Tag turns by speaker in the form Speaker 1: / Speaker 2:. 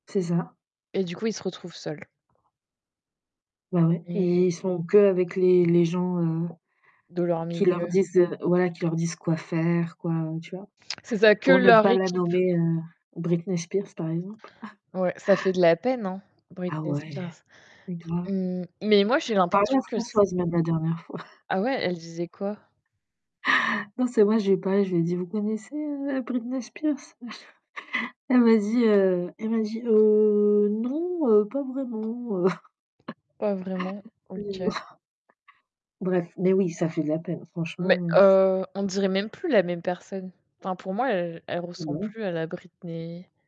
Speaker 1: C'est ça.
Speaker 2: Et du coup, ils se retrouvent seuls.
Speaker 1: Bah, ouais,
Speaker 2: Mmh.
Speaker 1: et ils sont qu'avec les les gens, heu,
Speaker 2: De leur
Speaker 1: qui leur
Speaker 2: milieu?
Speaker 1: disent, heu voilà, leur disent quoi faire, quoi, tu vois?
Speaker 2: C'est ça, que
Speaker 1: Pour ne
Speaker 2: leur
Speaker 1: pas la
Speaker 2: équipe.
Speaker 1: nommer heu, Britney Spears, par exemple.
Speaker 2: Ouais, ça fait de la peine, hein?
Speaker 1: Ah
Speaker 2: Britney
Speaker 1: ouais!
Speaker 2: Spears.
Speaker 1: C'est grave!
Speaker 2: Mmh, mais moi, j'ai
Speaker 1: J'en parlais à
Speaker 2: l'impression que c
Speaker 1: Françoise, même, la dernière fois.
Speaker 2: Ah ouais? Elle disait quoi?
Speaker 1: Non, c'est vrai, je lui ai parlé, je lui ai dit: «Vous connaissez, heu, Britney Spears?» Elle m'a dit, heu, elle m'a dit, heu: «Heu, non, heu, pas vraiment, heu.»
Speaker 2: Pas vraiment, OK.
Speaker 1: [unintelligible] bref, mais oui, ça fait de la peine, franchement
Speaker 2: Mais
Speaker 1: heu
Speaker 2: heu, on dirait même plus la même personne, enfin, pour moi, heu, elle
Speaker 1: Eh
Speaker 2: ressemble
Speaker 1: ben.
Speaker 2: plus à la Britney